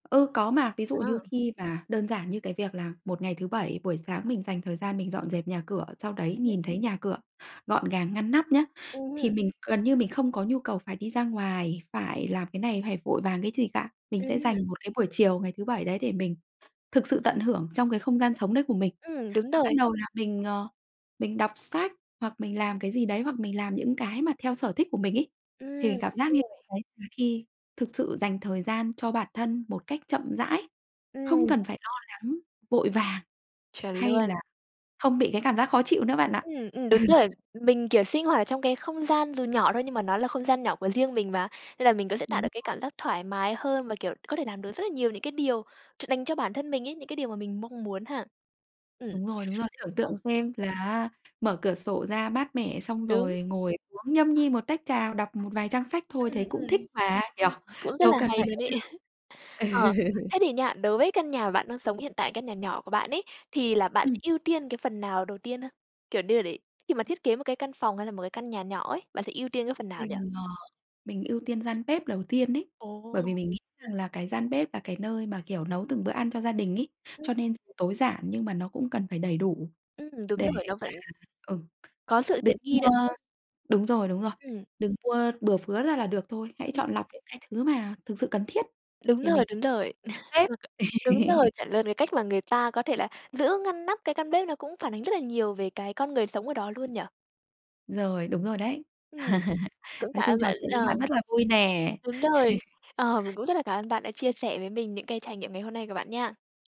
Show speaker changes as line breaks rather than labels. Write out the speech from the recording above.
Ừ, có mà, ví dụ như
Ừ.
khi mà đơn giản như cái việc là một ngày thứ Bảy buổi sáng mình dành thời gian mình dọn dẹp nhà cửa, sau đấy
Ừm hứm.
nhìn thấy nhà cửa gọn gàng ngăn nắp nhá,
Ừm
thì
hưm.
mình gần như mình không có nhu cầu phải đi ra ngoài, phải làm cái này, phải vội vàng cái gì cả. Mình
Ừm
sẽ dành
hưm.
một cái buổi chiều ngày thứ Bảy đấy để mình thực sự tận hưởng trong cái không gian sống đấy của mình.
Ừm, đúng
Và bắt
rồi.
đầu là mình, ờ, mình đọc sách hoặc mình làm cái gì đấy, hoặc mình làm những cái mà theo sở thích của mình ấy, thì
Ừm,
mình cảm
đúng
giác như
rồi.
đấy là khi thực sự dành thời gian cho bản thân một cách chậm rãi, không
Ừm.
cần phải lo lắng, vội vàng,
Chuẩn
hay
luôn.
là không bị cái cảm giác khó chịu nữa bạn ạ.
Ừm, ừm,
Ừ.
đúng rồi. Mình, kiểu, sinh hoạt trong cái không gian dù nhỏ thôi nhưng mà nó là không gian nhỏ của riêng mình mà, nên là mình có thể tạo được
Đúng.
cái cảm giác thoải mái hơn và, kiểu, có thể làm được rất là nhiều những cái điều ch đành cho bản thân mình ấy, những cái điều mà mình mong muốn ha. Ừm.
Đúng rồi, đứng ra tưởng
Ừ.
tượng xem là á mở cửa sổ ra mát mẻ xong
Đúng.
rồi ngồi uống nhâm nhi một tách trà, đọc một vài trang sách thôi
Ừm,
thế cũng thích
ừm.
mà nhỉ,
Ừm, cũng rất
đâu
là
cần
hay
phải
luôn
ấy
ấy.
đâu.
Ờ,
Ừ.
thế thì nha, đối với căn nhà mà bạn đang sống hiện tại, căn nhà nhỏ của bạn ấy thì là bạn sẽ
Ừm.
ưu tiên cái phần nào đầu tiên hơn? Kiểu, đê để khi mà thiết kế một cái căn phòng hay là một cái căn nhà nhỏ ấy, bạn sẽ ưu tiên cái phần nào nhỉ?
Mình, ờ, mình ưu tiên gian bếp đầu tiên ấy, bởi
Ồ!
vì mình nghĩ rằng là cái gian bếp là cái nơi mà, kiểu, nấu từng bữa ăn cho gia đình ấy,
Ừm.
cho nên s tối giản nhưng mà nó cũng cần phải đầy đủ
Ừm, đúng
để mà
rồi, nó vẫn
ừ,
có sự
được
tiện
mua
nghi nữa, đúng không?
đúng rồi, đúng rồi,
Ừm.
đừng mua bừa phứa ra là được thôi, hãy
Ừm.
chọn lọc những cái thứ mà thực sự cần thiết
Đúng
thì mình
rồi, đúng rồi,
[unintelligible] bếp.
[unintelligible] đúng rồi, chuẩn luôn, cái cách mà người ta có thể là giữ ngăn nắp cái căn bếp nó cũng phản ánh rất là nhiều về cái con người sống ở đó luôn nhỉ?
Rồi, đúng rồi đấy.
Ừm, cũng
Nói
cảm
chung
ơn
trò
bạn
chuyện với bạn
ờ.
rất là vui nè.
Đúng rồi, ờ, mình cũng rất là cảm ơn bạn đã chia sẻ với mình những cái trải nghiệm ngày hôm nay của bạn nha.